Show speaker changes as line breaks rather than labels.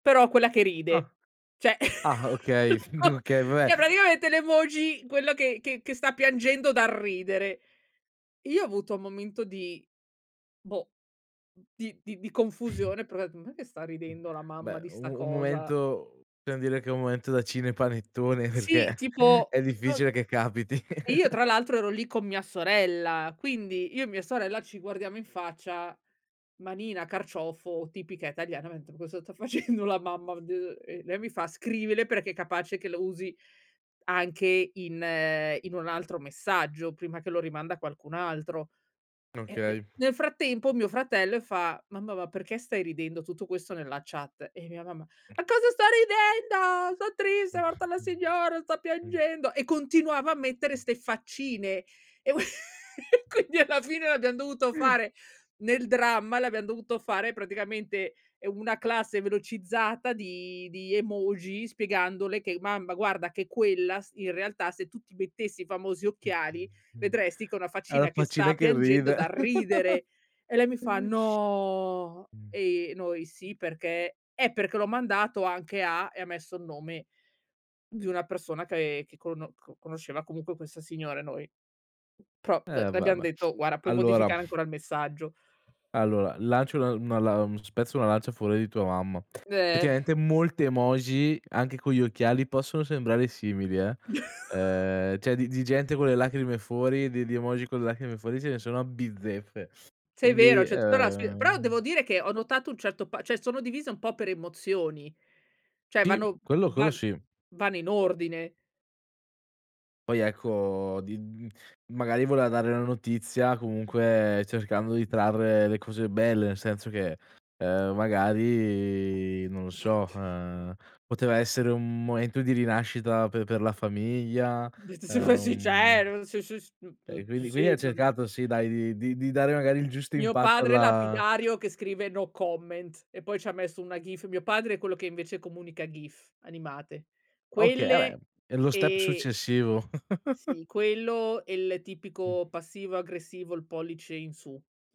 Però, quella che
Ah.
ride. Cioè,
Ah, okay. F Okay, vabbè
cioè, praticamente le voci quello che che che sta piangendo dal ridere. Io ho avuto un momento di boh, n di di di confusione, probabi "Non è che sta ridendo la mamma
Beh,
di
un
sta
un
cosa?"
momento per
Za
dire che è un momento da cine panettone,
Sì,
perché
tipo
è
es
difficile che capiti.
e io tra l'altro ero lì con mia sorella, quindi, io e mia sorella ci guardiamo in faccia manina, carciofo, tipica italiana, mentre "Ma cosa sta facendo la mamma?" [unintelligible] Lei mi fa: "Scrivile, perché è capace che lo usi anche in ehm, in un altro messaggio, prima che lo rimanda a qualcun altro." E p
Okay.
nel frattempo mio fratello e fa: "Mamma, ma perché stai ridendo?" Tutto questo nella chat, e mia mamma: "A cosa sto ridendo? Son triste,
Mh,
è morta la
mh.
signora, sto
Mh.
piangendo." E continuava a mettere
Mh.
ste faccine e qu quindi alla fine le abbiam dovuto fare nel dramma le abbiam dovuto fare praticamente, ehm, una classe velocizzata di di emoji spiegandole che: "Mamma guarda che quella s in realtà se tu ti mettessi i famosi
Mh,
occhiali
mh, mh.
vedresti che una
Ha la
faccina che
faccina
sta
che
piangendo dal
ride.
ridere." E lei mi fa: "No."
Mh.
e i noi: "Sì, perché" "Eh, perché l'ho mandato anche a" e ha messo il nome di una persona che che cono co conosceva comunque questa signora e noi. M pro, beh,
Eh,
le
va,
abbiam
va.
detto: "Guarda, puoi
Allora
modificare ancora il messaggio."
allora lancio una una lan spezzo una lancia a favore di tua mamma. Effettivamente molte emoji anche con gli occhiali possono sembrare simili eh, ehm, cioè di di gente con le lacrime fuori, di di emoji con le lacrime fuori, se ne sono a bizzeffe.
Sì, è
Quindi,
vero. Cioè, tutta la s però, devo
ehm
dire che ho notato un certo pa cioè, sono divise un po' per emozioni. Cioè,
Ti,
vanno
quello quello
van
sì.
vanno in ordine.
Poi ecco di mhmm, magari voleva dare una notizia comunque cercando di trarre le cose belle, nel senso che, ehm, magari non lo so, ehm, poteva essere un momento di rinascita per per la famiglia.
D d sì. Poi, sì,
Ehm,
cer sciu scius
e
[unintelligible]
quindi quindi ha
Sì, m
cercato, sì dai, di di di dare magari il giusto
Mio
impatto
padre
alla
lapidario che scrive: "No comment" e poi ci ha messo una gif. Mio padre è quello che invece comunica gif, animate.
Okay, ah beh.
Quelle,
È lo step
e
successivo.
sì. Quello e il
Mh.
tipico passivo aggressivo, il pollice in su.